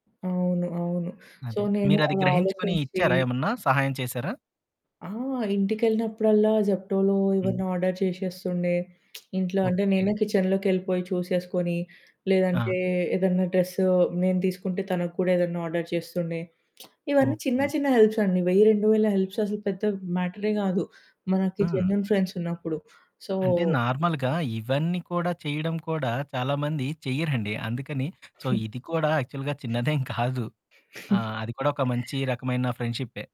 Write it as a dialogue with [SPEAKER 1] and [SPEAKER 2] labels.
[SPEAKER 1] అవును. అవును. సో,
[SPEAKER 2] అదే.
[SPEAKER 1] నేను
[SPEAKER 2] మీరది
[SPEAKER 1] అలా
[SPEAKER 2] గ్రహించుకొనీ
[SPEAKER 1] ఆలోచించీ
[SPEAKER 2] ఇచ్చారా ఏమన్నా, సహాయం చేశారా?
[SPEAKER 1] ఆ! ఇంటికెళ్ళినప్పుడల్లా జెప్టోలో
[SPEAKER 2] హ్మ్.
[SPEAKER 1] ఇవన్నీ ఆర్డర్ చేషేస్తుండే. ఇంట్లో అంటే
[SPEAKER 2] ఓకే.
[SPEAKER 1] నేనే కిచెన్‌లోకెళ్ళిపోయి చూసేసుకొనీ,
[SPEAKER 2] ఆ!
[SPEAKER 1] లేదంటే ఏదన్నా డ్రస్సు నేను తీసుకుంటే తనకు కూడా ఏదన్నా ఆర్డర్ చేస్తుండే. ఇవన్నీ చిన్న
[SPEAKER 2] ఓకే.
[SPEAKER 1] చిన్న హెల్ప్సండి. 1000, 2000 హెల్ప్స్ అసలు పెద్ద మ్యాటరే గాదు, మనకి
[SPEAKER 2] హ్మ్.
[SPEAKER 1] జెన్యూన్ ఫ్రెండ్సున్నప్పుడు.
[SPEAKER 2] అంటే,
[SPEAKER 1] సో
[SPEAKER 2] నార్మల్‌గా ఇవన్నీ కూడా చెయ్యడం కూడా చాలామంది చెయ్యరండి. అందుకని సో, ఇది కూడా యాక్చువల్‌గా చిన్నదేం కాదు. ఆ! అది కూడా ఒక మంచి రకమైన ఫ్రెండ్‌షిప్పే.